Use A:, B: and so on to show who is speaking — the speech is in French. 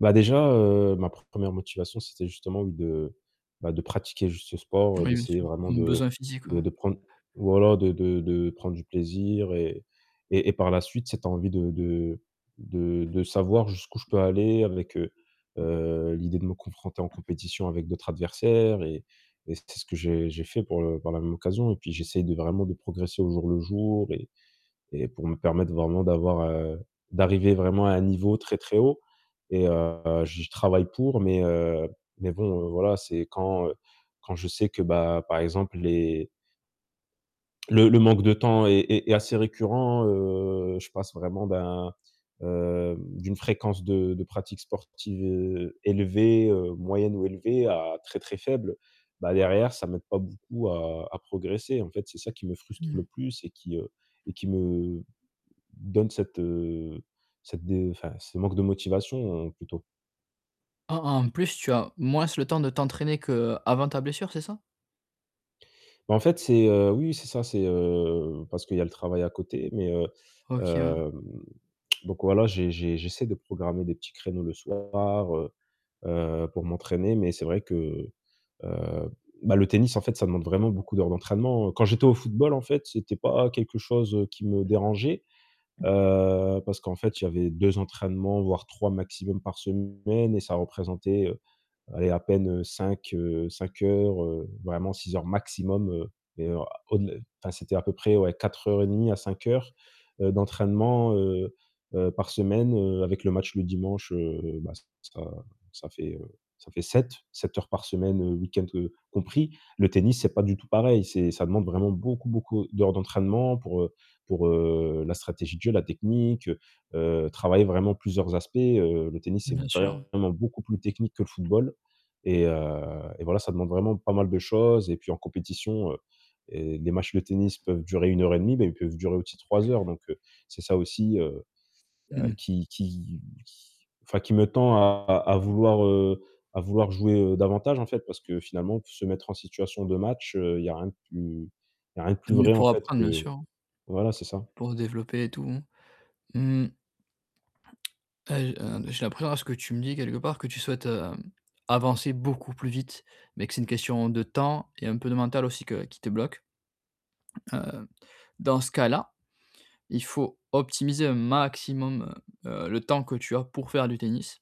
A: Bah, déjà, heu, ma pre 1re motivation, c'était justement de bah, de pratiquer juste ce sport,
B: Moui bien
A: d'essayer
B: sûr,
A: vraiment
B: un
A: de
B: besoin physique,
A: bah,
B: ouais.
A: de prendre voilà, de de de prendre du plaisir et et et par la suite, cette envie de de de de savoir jusqu'où je peux aller avec, heu, l'idée de me confronter en compétition avec d'autres adversaires et et c'était ce que j'ai j'ai fait pour le par la même occasion. Et puis, j'essaye de vraiment de progresser au jour le jour et et pour me permettre vraiment d'avoir, heu, d'arriver vraiment à un niveau très, très haut, et heu, j'y travaille pour, mais, heu mais bon, heu, voilà, c'est quand quand je sais que bah, par exemple les le le manque de temps est est assez récurrent, heu, je passe vraiment d'un heu, d'une fréquence de de pratique sportive heu, élevée, heu, moyenne ou élevée à très, très faible. Bah, derrière, ça m'aide pas beaucoup à à progresser, en fait, c'est ça qui me frustre
B: Mmh mh.
A: le plus et qui, heu et qui me donne cette, heu, cette de enfin, ce manque de motivation, plutôt.
B: Ah, en plus tu as moins le temps de t'entraîner qu'avant ta blessure, c'est ça?
A: Bah en fait, c'est, heu, oui, oui, c'est ça, c'est, heu, parce qu'il y le travail à côté, mais heu,
B: OK, ouais.
A: hem, donc voilà, j'ai j'ai j'essaie de programmer des petits créneaux le soir, heu, heu, pour m'entraîner. Mais c'est vrai que, heu bah, le tennis en fait, ça demande vraiment beaucoup d'heures d'entraînement. Quand j'étais au football en fait, c'était pas quelque chose, heu, qui me dérangeait,
B: Mmh.
A: heu, parce qu'en fait, il y avait 2 entraînements voire 3 maximum par semaine et ça représentait, heu, allez, à peine, heu, 5, heu, 5 heures, heu, vraiment 6 heures maximum, mais, heu, au-delà enfin, c'était à peu près, ouais, 4 heures et 1/2 à 5 heures, heu, d'entraînement, heu heu, par semaine, heu, avec le match le dimanche, heu bah, ça ça fait, heu, ça fait 7. 7 heures par semaine, heu, week-end, compris. Le tennis, c'est pas du tout pareil. C'est ça demande vraiment beaucoup, beaucoup d'heures d'entraînement pour, heu, pour, heu, la stratégie de jeu, la technique, heu, heu, travailler vraiment plusieurs aspects, heu, le tennis c'est
B: Bien sûr.
A: vraiment beaucoup plus technique que le football et heu et voilà, ça demande vraiment pas mal de choses et puis, en compétition, heu et des matchs de tennis peuvent durer 1 heure et 1/2 bah ils peuvent durer aussi 3 heures, donc heu, c'est ça aussi, heu
B: Mmh
A: heu,
B: mh.
A: qui qui qui enfin qui me tend à à vouloir, heu, à vouloir jouer, heu, davantage, en fait. Parce que, finalement, se mettre en situation de match, heu, il y a rien de plus il y a rien de
B: Tu
A: plus
B: es venu
A: vrai en
B: pour
A: fait,
B: apprendre, bien
A: que
B: sûr,
A: voilà, c'est ça.
B: pour développer et tout. Mmh mh. Heu j heu, j'ai l'impression à ce que tu me dis quelque part, que tu souhaites, heu, avancer beaucoup plus vite, mais que c'est une question de temps et un peu de mental aussi que qui te bloque. Heu, dans ce cas-là, il faut optimiser un maximum, heu, le temps que tu as pour faire du tennis.